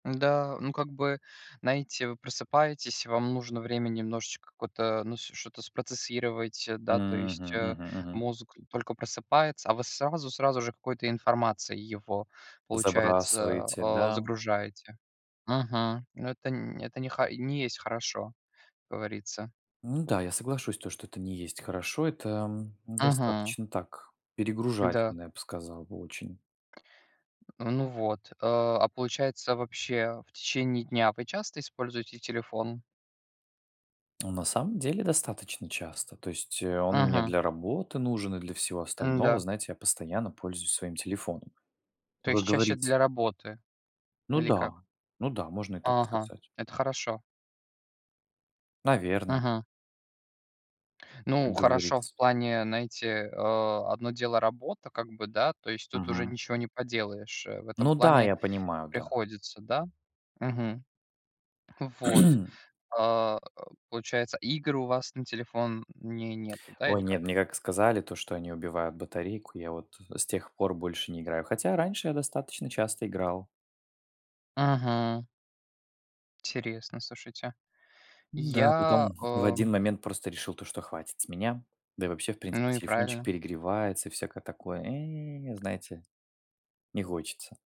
М, да, ну как бы, знаете, вы просыпаетесь, вам нужно время немножечко какое-то, ну, ш что-то спроцессировать, э, да, то есть, Мгм, э, мгм, мгм. мозг только просыпается, а вы сразу сразу же какой-то информацией его, получается, Забрасываете, э, да. загружаете. Мгм, ну это н это не ха ни есть хорошо, как говорится. Ну да, я соглашусь, то, что это не есть хорошо, это, м, Мгм. достаточно так, Да. перегружательно, я б сказал бы очень. А, ну вот, э, а получается, вообще, в течение дня вы часто используете телефон? Ну, на самом деле, достаточно часто, то есть, э, он у меня Мгм. для работы нужен и для всего остального. Н-да. Знаете, я постоянно пользуюсь своим телефоном. То Вы есть чаще говорите для работы Ну или да, как? ну да, можно и так Ага, сказать. это хорошо. Наверное. Мгм. Ну, Как хорошо говорится. в плане, знаете, э, одно дело- работа как бы, да, то есть тут уже Мгм. ничего не поделаешь, э, в этом Ну да, плане я понимаю, да. приходится, да. Мгм, вот, э, получается, игр у вас на телефоне нету, да, или Ой, нет, как? мне как сказали то, что они убивают батарейку, я вот, э, с тех пор больше не играю, хотя раньше я достаточно часто играл. Мгм. Интересно, слушайте. Ну да, Я, потом в э один момент просто решил, то что хватит с меня. Да и вообще, в принципе, Ну и телефончик правильно. перегревается и всякое такое, э, знаете, не хочется.